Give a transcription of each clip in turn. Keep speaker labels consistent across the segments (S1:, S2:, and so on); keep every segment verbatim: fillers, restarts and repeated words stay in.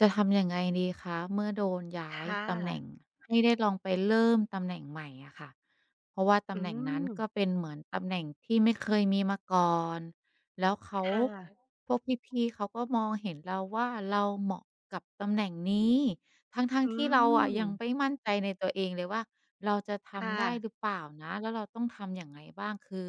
S1: จะทำยังไงดีคะ เมื่อโดน ย้
S2: ค
S1: าย
S2: ่
S1: ตำแหน
S2: ะ
S1: ่งให้ได้ลองไปเริ่มตำแหน่งใหม่อะค่ะ เพราะว่าต
S2: อื
S1: ำแหน่งนั้น ก
S2: ม
S1: ็เป็นเหมือนตำแหน่งที่ไม่เคย มีมาก่อน แล้วเขา
S2: ค่ะ
S1: พวกพี่ ๆ เขาก็มองเห็น เราว่าเราเหมาะกับตำแหน่งนี้ ทั้ง
S2: อื
S1: ๆ ที่เราอะยัง
S2: ม
S1: ไม่มั่นใจในตัวเองเลยว่า เราจะท
S2: ค่
S1: ำ ได้
S2: ะ
S1: หรือเปล่านะ แล้วเราต้องทำยังไงบ้าง คือ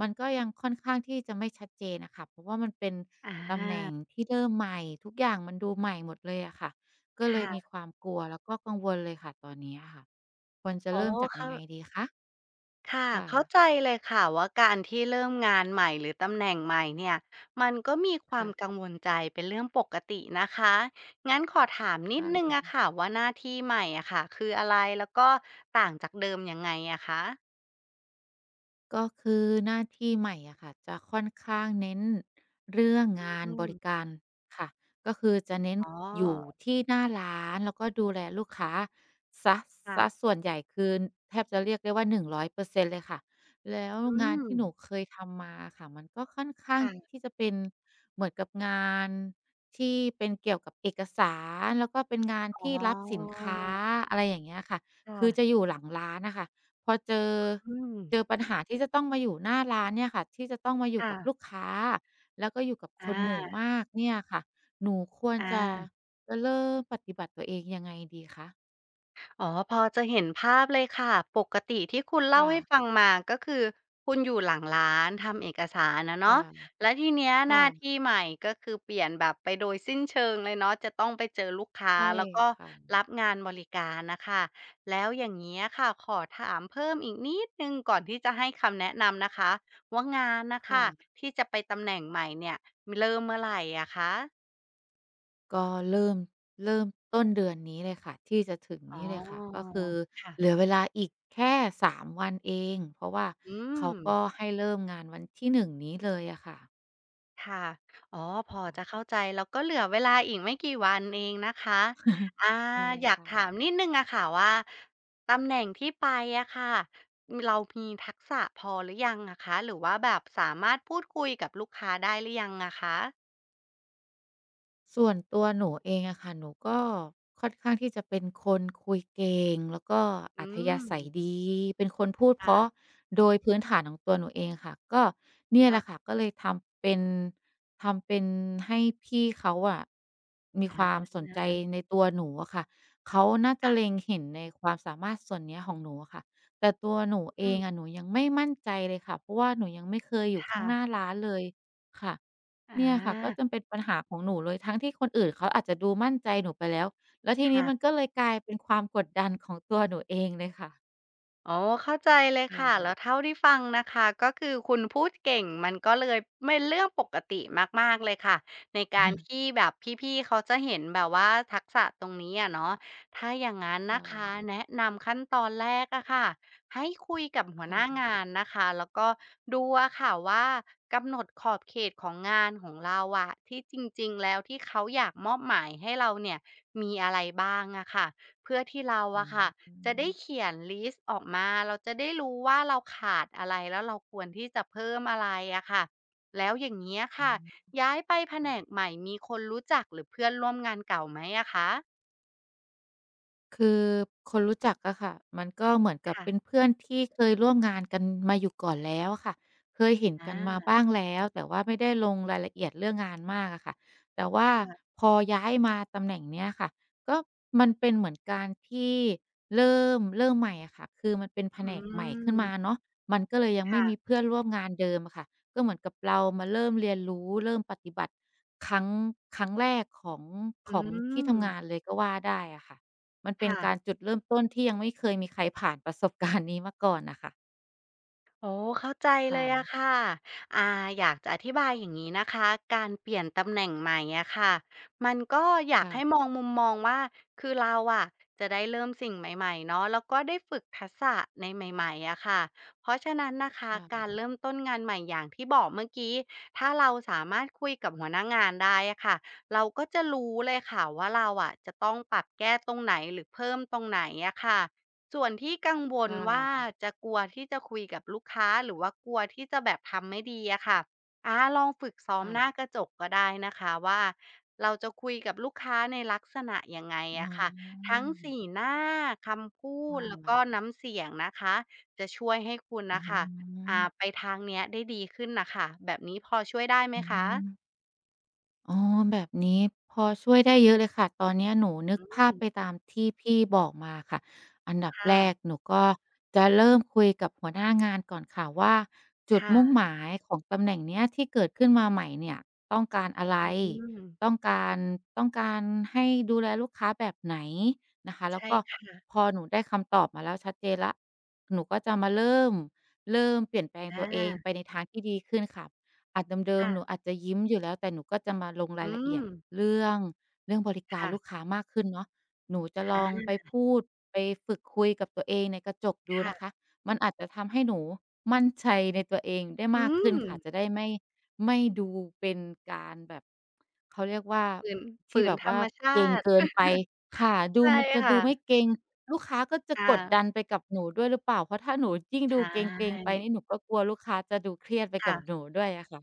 S1: มันก็ยังค่อนข้างที่จะไม่ชัดเจนอะค่ะ เพราะว่ามันเป็น
S2: อ
S1: ตำแหน่
S2: า
S1: งที่เริ่มใหม่ ทุกอย่างมันดูใหม่หมดเลยอะค่ะ ก็
S2: ค
S1: เล
S2: ่
S1: ยม
S2: ะ
S1: ีความกลัว แล้วก็กังวลเลยค่ะตอนนี้อะค่ะ ควรจะ
S2: อ๋
S1: เ
S2: อ
S1: ริ่มจาก
S2: ค
S1: ยั
S2: ่
S1: งไง
S2: ะ
S1: ดีคะ?
S2: ค่ะ
S1: ค่
S2: เข้า
S1: ะ
S2: ใจเลยค่ะ ว่าการที่เริ่มงาน ใหม่หรือตำแหน่งใหม่เนี่ย มันก็มีคว
S1: ค
S2: า
S1: ่
S2: ม
S1: ะ
S2: กังวลใจเป็นเรื่องปกตินะคะ งั้นขอถาม
S1: ค
S2: นิด
S1: ่ะ
S2: หนึ่งอะค่ะว่าหน้าที่ใหม่อะค่ะ คืออะไร? แล้วก็ต่างจากเดิมยังไงอะคะ?
S1: ก็คือ หน้าที่ใหม่อะค่ะ จะค่อนข้างเน้นเรื่องงา
S2: อ
S1: น
S2: ื
S1: บร
S2: ม
S1: ิการค่ะ ก็คือจะเน้น
S2: อ๋อ
S1: อยู่ที่หน้าร้านแล้ว ก็ดูแลลูกค้าเสีย
S2: ค่
S1: เสีย
S2: ะ
S1: ส่วนใหญ่ คือแทบจะเรียกได้ว่า ร้อยเปอร์เซ็นต์ เลยค่ะ แล้ว
S2: อื
S1: งาน
S2: ม
S1: ที่หนูเคยทำมาอะค่ะ มันก็ค่อนข้
S2: ค
S1: าง
S2: ่ะ
S1: ที่จะเป็นเหมือนกับงาน ที่เป็นเกี่ยวกับเอกสาร แล้วก็เป็น งาน
S2: อ๋
S1: ที่รับสินค้า
S2: อ
S1: อะไรอย่างเงี้ยค่ะ
S2: ค่
S1: คือ
S2: ะ
S1: จะอยู่หลังร้านอะค่ะ พอเจอ
S2: อืม
S1: เจอปัญหาที่จะต้องมาอยู่หน้าร้านเนี่ยค่ะ ที่จะต้องมาอย
S2: ค
S1: ู่
S2: ่
S1: กับ
S2: ะ
S1: ลูกค้า แล้วก็อยู่กับ
S2: อ
S1: คนหมู่
S2: า
S1: มากเนี่ยค่ะ หนูควร
S2: อ
S1: จะ
S2: า
S1: จะเริ่มปฏิบัติตัวเองยังไงดีคะ?
S2: อ๋อ พอจะเห็นภาพเลยค่ะ ปกติที่คุณเล
S1: ค
S2: ่า
S1: ่
S2: ให้
S1: ะ
S2: ฟังมาก็คือคุณอยู่หลังร้าน ทำเอกสารอะเ
S1: ค
S2: น
S1: ่
S2: าะ
S1: ะ
S2: แล้วทีเนี้ย
S1: ค
S2: ห
S1: ่
S2: น้า
S1: ะ
S2: ที่ใหม่ ก็คือเปลี่ยนแบบไปโดยสิ้นเชิงเลยเนาะ จะต้องไปเจอลูกค้า
S1: ใช่
S2: แล้วก็
S1: ค่ะ
S2: รับงานบริการน่ะค่ะ แล้วอย่างเงี้ยค่ะ ขอถามเพิ่มอีกนิดหนึ่งก่อนที่จะให้คำแนะนำนะคะ ว่างานน่ะ
S1: ค
S2: ค
S1: ่
S2: ่ะ
S1: ะ
S2: ที่จะไปตำแหน่งใหม่เนี่ย เริ่มเมื่อไรอะคะ?
S1: ก็เริ่ม เริ่มต้นเดือนนี้เลยค่ะ ที่จะถึง
S2: อ
S1: น
S2: ๋อ
S1: ี้เลยค่ะ ก็คือ
S2: ค่
S1: เ
S2: ะ
S1: หลือเวลาอีกแค่ สาม วันเอง เพราะว่า
S2: อื
S1: เขาก็
S2: ม
S1: ให้เริ่มงานวันที่ หนึ่ง นี้เลยอะค่ะ
S2: ค่ะ อ๋อ พอ
S1: ค่
S2: จ
S1: ะ
S2: ะเข้าใจ แล้วก็เหลือเวลาอีกไม่กี่วันเองนะคะ อา
S1: ใช่
S2: อยา
S1: ค
S2: ก
S1: ่
S2: ถ
S1: ะ
S2: ามนิดหนึ่งอะค่ะว่า ตำแหน่งที่ไปอะค่ะ เรามีทักษะพอหรือยังอะคะ? หรือว่าแบบสามารถพูดคุยกับลูกค้าได้หรือยังอะคะ?
S1: ส่วนตัวหนูเองอะค่ะ หนูก็ ค่อนข้างที่จะเป็นคนคุยเก่ง แล้วก็
S2: อื
S1: อัธยาศัย
S2: ม
S1: ดี เป็นคนพูด
S2: ค
S1: เพ
S2: ่
S1: ร
S2: ะ
S1: าะ โดยพื้นฐานของตัวหนูเองค่ะ ก็เนี่ย
S2: ค
S1: แห
S2: ่ะ
S1: ละค่ะ ก็เลยทำเป็น ทำเป็นให้พี่เขาอะ มีค
S2: อ
S1: วามสนใจ
S2: า
S1: ในตัวหนูอะค่ะ เขาน่าจ
S2: ค
S1: ะ
S2: ่ะ
S1: เล็งเห็นในความสามารถส่วนเนี้ยของหนูอะค่ะ แต่ตัวหนูเ
S2: อ
S1: อ
S2: ื
S1: ง
S2: ม
S1: อะ หนูยังไม่มั่นใจเลยค่ะ เพราะว่าหนูยังไม่เคยอยู
S2: ค
S1: ่ข
S2: ่
S1: ้างหน้
S2: ะ
S1: าร้านเลย ค่ะ
S2: อ
S1: เนี่ยค่ะ ก็
S2: า
S1: จะเป็นปัญหาของหนูเลย ทั้งที่คนอื่นเขาอาจจะดูมั่นใจหนูไปแล้ว แล้วที
S2: ค
S1: นี
S2: ่
S1: ้
S2: ะ
S1: มันก็เลยกลายเป็นความกดดันของตัวหนูเองเลยค่ะ
S2: อ๋อ เข้าใจเลย
S1: ค
S2: ค่ะ
S1: ่
S2: แ
S1: ะ
S2: ล้วเท่าที่ฟังนะคะ ก็คือคุณพูดเก่ง มันก็เลยเม็น เรื่องปกติมาก ๆ เลยค่ะ ในการที่แบบพี่ ๆ เขาจะเห็นแบบว่าทักษะตรงนี้อะเนาะ ถ้าอย่างงั้น
S1: ค
S2: น
S1: ่
S2: ะคะ
S1: ะ
S2: แนะนำขั้นตอนแรกอะค่ะ ให้คุยกับหัว
S1: ค่
S2: หน้า
S1: ะ
S2: ง
S1: ๆ
S2: านนะคะ แล้วก็ดูอะค่ะว่า กำหนดขอบเขตของงานของเราอะ ที่จริง ๆ แล้วที่เขาอยากมอบหมายให้เราเนี่ย มีอะไรบ้างอะค่ะ เพื่อที่เรา
S1: อ
S2: อ
S1: ื
S2: ะค่
S1: อ
S2: ะ
S1: ฮ
S2: จะได้
S1: ึ
S2: เขียนลิสต์ออกมา เราจะได้รู้ว่าเราขาดอะไร แล้วเราควรที่จะเพิ่มอะไรอะค่ะ แล้วอย่างเงี้ยค
S1: อื
S2: ่
S1: อ
S2: ะ
S1: ฮึ
S2: ย้ายไปแผ
S1: ค
S2: น
S1: ่ะ
S2: กใหม่มีคนรู้จัก หรือเพื่อนร่วมงานเก่าไหมอะคะ?
S1: คือ คนรู้จักอะค่ะ มันก็เหมือนกั
S2: ค
S1: บ
S2: ่
S1: เ
S2: ะ
S1: ป็นเพื่อนที่เคยร่วมงานกันมาอยู่ก่อนแล้วอะค่ะ เคยเห็น
S2: อ
S1: กันมา
S2: า
S1: บ้าง แล้ว แต่ว่าไม่ได้ลงรายละเอียดเรื่องงานมากอะค่ะ แต่ว่า
S2: ค่ะ
S1: พอย้ายมาตำแหน่งเนี้ยค่ะ ก็มันเป็นเหมือนการที่ เริ่ม- เริ่มใหม่อะค่ะ คือมันเป็นแผ
S2: อื
S1: นกใหม่ขึ้นม
S2: ม
S1: าเนาะ มันก็เลยยัง
S2: ค
S1: ไม
S2: ่
S1: ่
S2: ะ
S1: มีเพื่อนร่วมงานเดิมอะค่ะ ก็เหมือนกับเรามาเริ่มเรียนรู้ เริ่มปฏิบัติ ครั้ง ครั้งแรกของ
S2: อื
S1: ของที่ทำง
S2: ม
S1: านเลยก็ว่าได้อะค่ะ มันเป
S2: ค
S1: ็
S2: ่
S1: นก
S2: ะ
S1: ารจุดเริ่มต้นที่ยังไม่เคยมีใครผ่านประสบ การณ์ นี้มาก่อนน่ะค่ะ
S2: อ๋อ เข้าใจ
S1: ค
S2: เ
S1: ่
S2: ลยอะ
S1: ะ
S2: ค่ะ อ่า อยากจะอธิบายอย่างงี้นะคะ การเปลี่ยนตำแหน่งใหม่อะค่ะ มันก็อย
S1: ค
S2: าก
S1: ่
S2: ให
S1: ะ
S2: ้มองมุมมองว่า คือเราอะ จะได้เริ่มสิ่งใหม่ ๆ เนาะ แล้วก็ได้ฝึกทักษะในใหม่ ๆ อะค่ะ เพราะฉะนั้นนะคะ
S1: ค่
S2: กา
S1: ะ
S2: รเริ่ม ต้นงานใหม่อย่างที่บอกเมื่อกี้ ถ้าเราสามารถคุยกับหัวหน้างานได้อะค่ะ เราก็จะรู้เลยค่ะว่าเราอะ จะต้องปรับแก้ตรงไหนหรือเพิ่มตรงไหนอะค่ะ ส่วนที่กังว
S1: ค
S2: ล
S1: ่
S2: ว่า
S1: ะ
S2: จะกลัวที่จะคุยกับลูกค้า หรือว่ากลัวที่จะแบบทำไม่ดีอะค่ะ อา ลองฝึกซ้อ
S1: ค
S2: ม
S1: ่
S2: ห
S1: ะ
S2: น้ากระจกก็ได้นะคะว่า เราจะคุยกับลูกค้าในลักษณะยังไง
S1: อื
S2: อะคะ ทั้งส
S1: ม
S2: ี หน้า คำพู
S1: อะ
S2: ด แล้ว
S1: ฮ
S2: ก็
S1: ะ
S2: น้ำเสียงนะคะ จะช่วยให้คุณ
S1: อ๋
S2: น่ะ
S1: อ
S2: ค่ะ อ่า ไปทางเนี้ยได้ดีขึ้นน่ะค่ะ แบบนี้พอช่วยได้ไหม
S1: อื
S2: คะ?
S1: อ อ๋อ แบบนี้พอช่วยได้เยอะเลยค่ะ ตอนเนี้ยหนูนึ
S2: อ
S1: ก
S2: ื
S1: ภาพ
S2: ม
S1: ไปตามที่พี่บอกมาค่ะ อันดับ
S2: ค่
S1: แร
S2: ะ
S1: ก หนูก็จะเริ่มคุยกับหัวหน้า งานก่อนค่ะว่า จุ
S2: ค
S1: ด
S2: ่
S1: มุ่ง
S2: ะ
S1: หมายของตำแหน่งเนี้ย ที่เกิดขึ้นมาใหม่เนี่ยต้องการอะไร?
S2: อืม
S1: ต้องการ ต้องการให้ดูแลลูกค้าแบบไหนนะคะ? แ
S2: ใ
S1: ล
S2: ช
S1: ้ว
S2: ่
S1: ก็
S2: ค่ะ
S1: พอหนูได้คำตอบมาแล้วชัดเจนแล้ว หนูก็จะมาเริ่ม เริ่มเปลี่ยนแปลง
S2: อ
S1: ตัวเอง
S2: า
S1: ไปในทางที่ดีขึ้นค่ะ อาจเด
S2: ค
S1: ิม
S2: ่
S1: ๆ ห
S2: ะ
S1: นูอาจจะยิ้มอยู่แล้ว แต่หนูก็จะมาลงร
S2: อื
S1: ายละเอียด
S2: ม
S1: เรื่อง เรื่องบริก
S2: ค
S1: าร
S2: ่
S1: ล
S2: ะ
S1: ูกค้ามากขึ้นเนาะ หนูจะล
S2: อ
S1: องไป
S2: า
S1: พูด ไป ฝึกคุยกับตัวเองในกระจกดู
S2: ค่
S1: นะ
S2: ะ
S1: คะ มันอาจจะทำให้หนูมั่นใจในตัวเองได้
S2: อื
S1: มากขึ้นค่ะ
S2: ม
S1: จะได้ไม่ ไม่ดูเป็นการแบบ เขาเรียกว่า
S2: ฝืน
S1: ท
S2: ฝ
S1: ี
S2: ื
S1: ่แ
S2: น
S1: บบ
S2: ธ
S1: ว
S2: ร
S1: ่า
S2: รม ชา
S1: เกร็ง
S2: ติ
S1: เกินไปค่ะ ด
S2: ใช
S1: ู
S2: ่
S1: มันจะ
S2: ค่
S1: ดูไม
S2: ะ
S1: ่เกร็ง ลูกค้าก็จะ
S2: ค่
S1: กด
S2: ะ
S1: ดันไปกับหนูด้วยหรือเปล่า? เพราะถ้าหนูยิ่ง
S2: ใช
S1: ดูเกร็ง ๆ ไปน
S2: ่
S1: ี่ หนูก็กลัวลูกค้าจะดูเครียดไป
S2: ค
S1: ก
S2: ่
S1: ับ
S2: ะ
S1: หนูด้วยอะค่ะ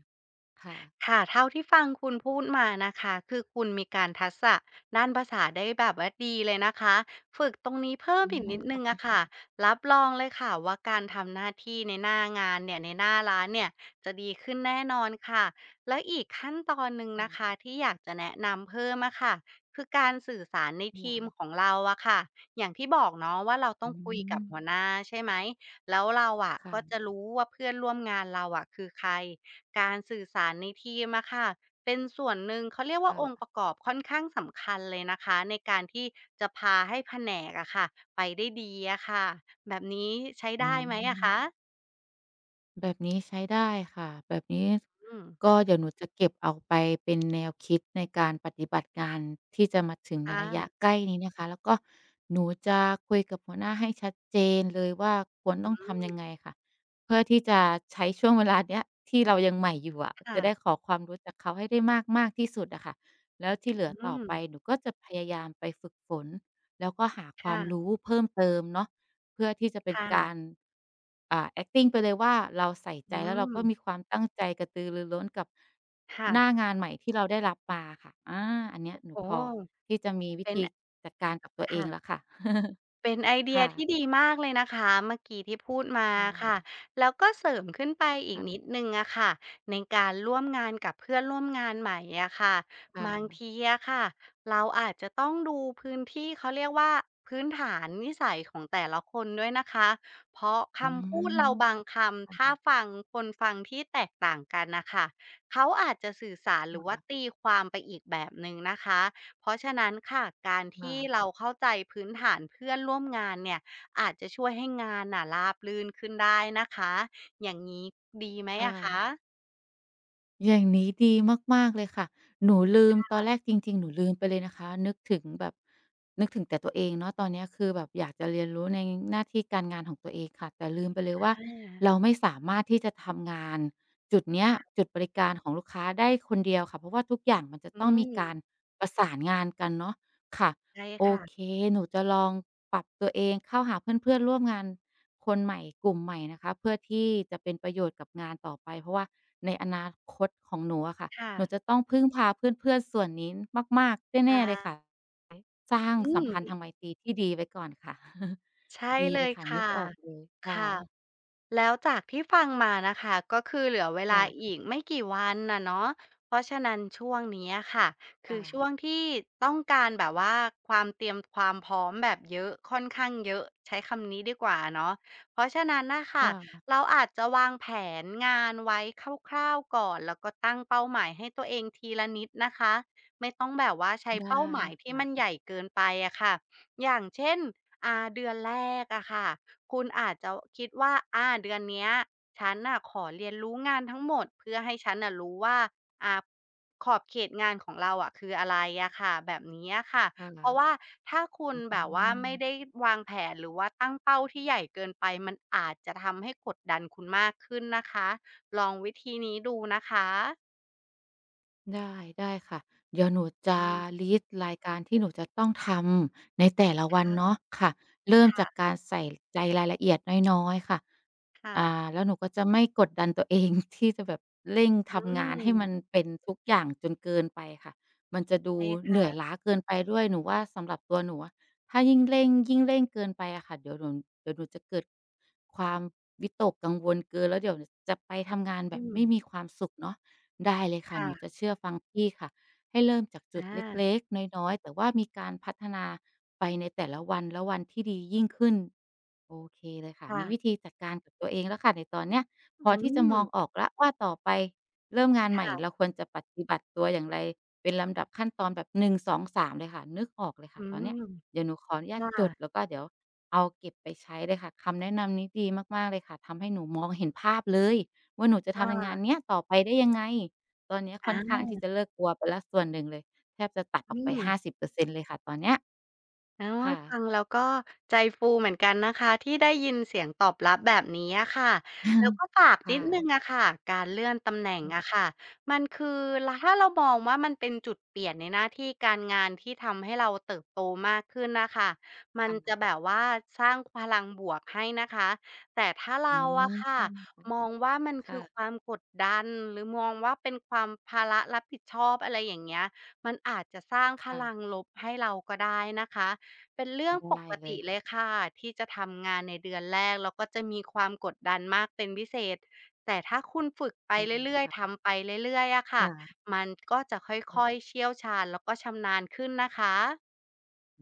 S1: ค่ะ
S2: ค่ะ เท่าที่ฟังคุณพูดมานะคะ คือคุณมีการทักษะด้านภาษาได้แบบว่าดีเลยนะคะ ฝึกตรงนี้เพิ่ม
S1: อื
S2: อีก
S1: ม
S2: นิดหนึ่งอะค่ะ รับรองเลยค่ะว่า การทำหน้าที่ในหน้างานเนี่ย ในหน้าร้านเนี่ย จะดีขึ้นแน่นอนค่ะ และอีกขั้นตอนหนึ่ง
S1: ค่
S2: นะ
S1: ะ
S2: คะ ที่อยากจะแนะนำเพิ่มอะค่ะ คือการสื่อสารในทีมของเราอะค่ะ อย่างที่บอกเนาะว่า เราต
S1: อ
S2: ้
S1: ื
S2: องคุยกับห
S1: ม
S2: ัวหน้า ใช่ไหม แล้วเราอะ
S1: ค่
S2: ก็จะ
S1: ะ
S2: รู้ว่าเพื่อนร่วมงานเราอะคือใคร การสื่อสารในทีมอะค่ะเป็นส่วนหนึ่ง เขาเรียกว
S1: ค
S2: ่
S1: ่
S2: าองค์ป
S1: ะ
S2: ระกอบค่อนข้างสำคัญเลยนะคะ ในการที่จะพาให้แผนกอะค่ะ ไปได้ดีอะค่ะ แบบนี้ใช้
S1: อ
S2: ไ
S1: ๋
S2: ด้ไหมอะค
S1: อ
S2: ะ?
S1: แบบนี้ ใช้ได้ค่ะ แบบนี้ ส
S2: อืม
S1: ก็เดี๋ยวหนูจะเก็บเอาไปเป็นแนวคิดในการปฏิบัติงานที่จะมาถึงใ
S2: ค
S1: นระย
S2: ่
S1: ะ
S2: ะ
S1: ใกล้นี้นะคะ แล้วก็หนูจะคุยกับหัวหน้าให้ชัดเจนเลยว่า ควร
S2: อ
S1: ต
S2: ื
S1: ้องทำยั
S2: ม
S1: งไงค่ะ เพื่อที่จะใช้ช่วงเวลาเนี้ย ที่เรายังใหม่อยู่อะ
S2: ค่
S1: จะ
S2: ะ
S1: ได้ขอความรู้จากเขาให้ได้มาก ๆ ที่สุดอะคะ แล้วที่เหลื
S2: อ
S1: อ
S2: ื
S1: ต่อไป
S2: ม
S1: หนูก็จะพยายามไปฝึกฝน แล้วก็หาค
S2: ค
S1: ว
S2: ่
S1: าม
S2: ะ
S1: รู้เพิ่มเติมเนาะ เพื่อที่จะเป็
S2: ค
S1: น
S2: ่
S1: ก
S2: ะ
S1: าร อ่า แอกติง ไปเลยว่า เราใส่
S2: อ
S1: ใ
S2: ื
S1: จ แล้วเราก็
S2: ม
S1: มีความตั้งใจกระตือรือร้นกับ
S2: ค่ะ
S1: หน้างานใหม่ที่เราได้รับมาค่ะ อา อันเนี้ยหน
S2: โ
S1: ู
S2: อ้
S1: พอที่จะมีว
S2: เป
S1: ิ
S2: ็น
S1: ธี
S2: อ
S1: จัดการกับตัว
S2: ค
S1: เอ
S2: ่
S1: งแ
S2: ะ
S1: ล้วค่ะ
S2: เป็นไอเดี
S1: ค
S2: ย
S1: ่
S2: ท
S1: ะ
S2: ี่ดีมากเลยนะคะ เมื่อกี้ที่พูดมา
S1: ค่
S2: อะคะ
S1: ะ
S2: แล้วก็เสริมขึ้นไปอี
S1: ค
S2: ก
S1: ่ะ
S2: นิดหนึ่งอะคะ ในการร่วมงานกับเพื่อนร่วมงานใหม่อะคะ
S1: ค่
S2: บาง
S1: ะ
S2: ทีอะคะเราอาจจะต้องดูพื้นที่ เขาเรียกว่า พื้นฐานนิสัยของแต่ละคนด้วยนะคะ เพราะค
S1: อื
S2: ำพูด เร
S1: ม
S2: าบางค
S1: ค่
S2: ำ ถ้า
S1: ะ ๆ
S2: ฟังคนฟังที่แตกต่างกันน่ะค่ะ เขาอาจจะสื่อสาร หร
S1: ค
S2: ือว่า
S1: ่ะ
S2: ตีความไปอีกแบบหนึ่งนะคะ เพราะฉะนั้นค่ะ การท
S1: ค่
S2: ี่
S1: ะ
S2: เรา เข้าใจพื้นฐานเพื่อนร่วมงานเนี่ย อาจจะช่วยให้งานน่ะ ราบรื่นขึ้นได้นะคะ อย่างงี้ดีไหม
S1: ค่
S2: อะค
S1: ะ
S2: ะ?
S1: อย่างนี้ดีมาก ๆ เลยค่ะ หนูลื
S2: ค
S1: ม
S2: ่
S1: ตอน
S2: ะ
S1: แรกจริง ๆ หนูลืมไปเลยนะคะ นึกถึงแบบ นึกถึงแต่ตัวเองเนาะ ตอนเนี้ยคือแบบอยากจะเรียนรู้ในหน้าที่การงานของตัวเองค่ะ แต่ลืมไปเลยว่า เ
S2: อา
S1: ราไม่สามารถที่จะทำงาน จุดเนี้ย
S2: ค่ะ
S1: จุดบริการของลูกค้าได้คนเดียวค่ะ เพราะว่าทุกอย่างมันจะ
S2: อื
S1: ต้องมีการ
S2: ม
S1: ประสานงานกันเนาะ ค่ะ
S2: ใช่
S1: โอ
S2: ค่ะ
S1: เค หนูจะลองปรับตัวเองเข้าหาเพื่อน ๆ ร่วมงาน คนใหม่ กลุ่มใหม่นะคะ เพื่อที่ จะเป็นประโยชน์กับงานต่อไป เพราะว่า ในอนาคตของหนูอะค่ะ
S2: ค่
S1: หนู
S2: ะ
S1: จะต้องพึ่งพาเพื่อน ๆ ส่วนนี้มาก ๆ
S2: ค
S1: แน
S2: ่ะ
S1: ่ ๆ เลยค่ะ สร้าง
S2: อื
S1: สัม
S2: ม
S1: พัน
S2: ท
S1: ธ
S2: ี
S1: ์ท
S2: ่
S1: างไมตรีที่ดีไว้ก่อนค่ะ
S2: ใช่
S1: ดี
S2: เล
S1: เล
S2: ย
S1: ยค่ะ
S2: ค
S1: น
S2: ่
S1: ึ
S2: ะ
S1: กออกเลยค่
S2: ค่ะ
S1: ะ
S2: แล้วจากที่ฟังมานะคะ ก็คือเหลือเวล
S1: ค่
S2: า
S1: ะ
S2: อีกไม่กี่วันอะเนาะ เพราะฉะนั้นช่วงนี้อะค่ะ ค
S1: ค
S2: ื
S1: ่
S2: อช
S1: ะ
S2: ่วงที่ ต้องการแบบว่า ความเตรียมความพร้อมแบบเยอะ ค่อนข้างเยอะ ใช้คำนี้ดีกว่าเนาะ เพราะฉะนั้นน่ะค
S1: ค
S2: ่ะ
S1: ่ะ
S2: เราอาจจะวางแผนงานไว้คร่าว ๆ ก่อน แล้วก็ตั้งเป้าหมายให้ตัวเองทีละนิดนะคะ ไม่ต้องแบบว่าใช้
S1: ได้
S2: เป้าหมายที่
S1: ค
S2: มันใ
S1: ่ะ
S2: หญ่เกินไปอะค่ะ อย่างเช่น อ่า เดือนแรกอะค่ะ คุณอาจจะคิดว่า อา เดือนเนี้ยฉันน่ะขอเรียนรู้งานทั้งหมดเพื่อให้ฉันน่ะรู้ว่า อา ขอบเขตงานของเราอะคืออะไรอะค่ะ แบบนี้อะค่ะ
S1: ค่ะ
S2: เพราะว่าถ้าคุ
S1: อ
S2: ณ
S1: ื้อฮ
S2: แบ
S1: ื
S2: บว่าไม่
S1: อ
S2: ได้วางแผนหรือว่าตั้งเป้าที่ใหญ่เกินไป มันอาจจะทำให้กดดันคุณมากขึ้นนะคะ ลองวิธีนี้ดูนะคะ
S1: ได้ ได้ค่ะ เดี๋ยวหนูจ
S2: อ
S1: ะ
S2: ืม
S1: ลิสต์รายการที่หนูจะ ต้องทำในแต่ละ
S2: ค
S1: วั
S2: ่
S1: น
S2: ะ
S1: เนาะ ค่ะ เริ่ม
S2: ค่
S1: จา
S2: ะ
S1: กการใส่ใจรายละเอียดน้อย ๆ ค่ะ
S2: ค่
S1: อ
S2: ะ
S1: ่า แล้วหนูก็จะไม่กดดันตัวเอง ที่จะแบบเร่ง
S2: อ
S1: ท
S2: ื
S1: ำงานให้ม
S2: ม
S1: ันเป็นทุกอย่างจนเกินไปค่ะ มันจะดู
S2: ใช่ค
S1: เห
S2: ่
S1: นื่อย
S2: ะ
S1: ล้าเกินไปด้วย หนูว่าสำหรับตัวหนูอะ ถ้ายิ่งเร่ง ยิ่งเร่งเกินไปอะค่ะ เดี๋ยวหนู เดี๋ยวหนูจะเกิดความวิตกกังวลเกิน แล้วเดี๋ยวจะไปทำงาน
S2: อ
S1: แ
S2: ื
S1: บบไม่
S2: ม
S1: มีความสุขเนาะ ได้เลยค
S2: ค
S1: ่ะ
S2: ่
S1: หนูจ
S2: ะ
S1: ะเชื่อฟังพี่ค่ะ ให้เริ่มจากจ
S2: อ
S1: ุดเ
S2: า
S1: ล็ก ๆ น้อย ๆ แต่ว่ามีการพัฒนาไปในแต่ละวัน และวันที่ดียิ่งขึ้น โอเคเลยค่ะ
S2: ค่
S1: มี
S2: ะ
S1: วิธีจัดการกับตัวเองแล้วค่ะ ในตอนเนี้ย พ
S2: อ
S1: อ
S2: ื
S1: ที่จะมอง
S2: ม
S1: ออกแล้วว่าต่อไปเริ่มงาน
S2: ค
S1: ใหม่
S2: ่ะ
S1: เราควรจะปฏิบัติตัวอย่างไร เป็นลำดับขั้นตอนแบบ หนึ่งสองสาม เลยค่ะ นึกออกเลยค
S2: อ
S1: ่
S2: ื
S1: ะตอน
S2: ม
S1: เนี้ย เดี๋ยวหนูขออนุญา
S2: ค
S1: ต
S2: ่
S1: จด
S2: ะ
S1: แล้วก็เดี๋ยวเอาเก็บไปใช้เลยค่ะ คำแนะนำนี้ดีมาก ๆ เลยค่ะ ทำให้หนูมองเห็นภาพเลยว่า หนูจะ
S2: ค
S1: ท
S2: ่
S1: ำในงา
S2: ะ
S1: นเนี้ยต่อไปได้ยังไง ตอนเนี้ยค
S2: อ
S1: ่อนข้างที่จะ
S2: า
S1: เลิกกลัวไปแล้วส่วนหนึ่งเลย แทบจะตัด
S2: อ
S1: อ
S2: ื
S1: อกไป
S2: ม
S1: ห้าสิบเปอร์เซ็นต์ เลยค่ะตอนเนี้ย
S2: โอ๊
S1: ค
S2: ย
S1: ่
S2: ฟั
S1: ะ
S2: งแล้วก็ใจฟูเหมือนกันนะคะ ที่ได้ยินเสียงตอบรับแบบนี้อะค่ะ แล้วก็ฝาก
S1: ค
S2: น
S1: ่
S2: ิดหนึ่ง
S1: ะ
S2: อะค่ะ การเลื่อนตำแหน่งอะค่ะ มันคือ ร ถ้าเรามองว่า มันเป็นจุดเปลี่ยนในหน้าที่การงาน ที่ทำให้เราเติบโตมากขึ้นน่ะค่ะ มั
S1: ค
S2: น
S1: ่
S2: จะ
S1: ะ
S2: แบบว่าสร้างพลังบวกให้นะคะ แต่ถ้าเร
S1: อื
S2: าอ
S1: ม
S2: ะค่
S1: ใช
S2: ะ
S1: ่ค่ะ
S2: มองว่ามัน
S1: ค
S2: ค
S1: ่
S2: ือ
S1: ะ
S2: ความกดดัน หรือมองว่าเป็นความ ภาระรับผิดชอบ อะไรอย่างเงี้ย มันอาจจะสร้างพ
S1: ค่
S2: ล
S1: ะ
S2: ังลบให้เราก็ได้นะคะ เป็นเรื่องป
S1: ได้
S2: ก
S1: เล
S2: ติ
S1: ย
S2: เลยค่ะ ที่จะทำงานในเดือนแรก แล้วก็จะมีความกดดันมากเป็นพิเศษ แต่ถ้าคุณฝึกไป
S1: ได้
S2: เรื่อ
S1: ค
S2: ย
S1: ่
S2: ๆ ท
S1: ะ
S2: ำไปเรื่อย ๆ อะค
S1: ค
S2: ่ะ
S1: ่ะ
S2: มันก็จะค่อย ๆ เชี่ยวชาญ แล้วก็ชำนาญขึ้นนะคะ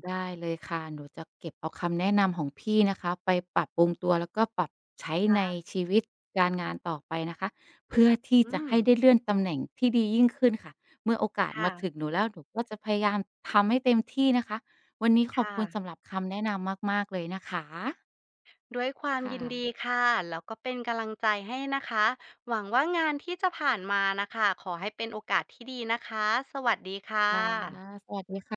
S1: ได้เลยค่ะ หนูจะเก็บเอาคำแนะนำของพี่นะคะ ไปปรับปรุงตัว แล้วก็ปรับใช้
S2: ค่
S1: ใน
S2: ะ
S1: ชีวิตการงานต่อไปนะคะ เพื่อที่
S2: อื
S1: จะให้
S2: ม
S1: ได้เลื่อนตำแหน่งที่ดียิ่งขึ้นค่ะ เมื่อโอกาส
S2: ค่
S1: มาถ
S2: ะ
S1: ึงหนูแล้ว หนูก็จะพยายามทำให้เต็มที่นะคะ วันนี้ข
S2: ค
S1: อบ
S2: ่
S1: คุณ
S2: ะ
S1: สำหรับคำแนะนำมาก ๆ เลยนะคะ
S2: ด้วยความ
S1: ค่
S2: ยิน
S1: ะ
S2: ดีค่ะ แล้วก็เป็นกะลังใจ ให้นะคะ หวังว่างานที่จะผ่านมาน่ะค่ะ ขอให้เป็นโอกาสที่ดีนะคะ สวัสดีค่
S1: ค่ะ
S2: ะ
S1: สวัสดีค่ะ